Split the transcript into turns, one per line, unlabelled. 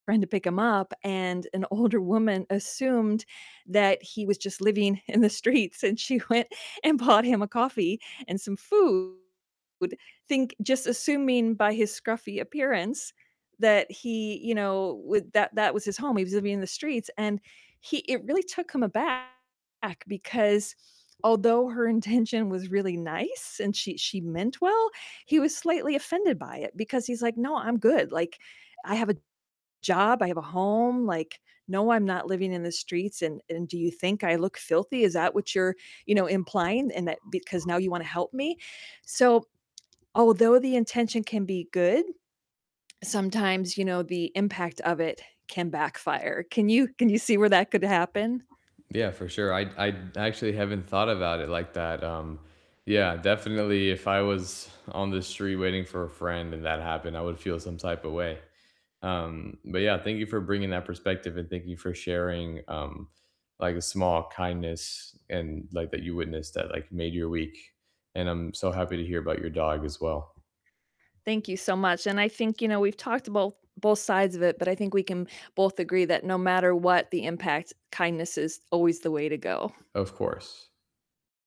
friend to pick him up and an older woman assumed that he was just living in the streets, and she went and bought him a coffee and some food, think just assuming by his scruffy appearance that he, you know, w that that was his home, he was living in the streets, and he it really took him aback because although her intention was really nice and she she meant well, he was slightly offended by it because he's like, "No, I'm good, like, I have a job, I have a home, like, no, I'm not living in the streets, and and do you think I look filthy? Is that what you're, you know, implying in that because now you wanna help me?" So although the intention can be good, sometimes, you know, the impact of it can backfire. Can you can you see where that could happen?
Yeah, for sure. I I actually haven't thought about it like that, um, yeah, definitely if I was on the street waiting for a friend and that happened, I would feel some type of way. Um, but yeah, thank you for bringing that perspective, and thank you for sharing, um, like, a small kindness and, like that you witnessed that, like, made your week. And I'm so happy to hear about your dog as well.
Thank you so much, and I think, you know, we've talked abolt both sides of it, but I think we can both agree that no matter what the impact, kindness is always the way to go
Of course.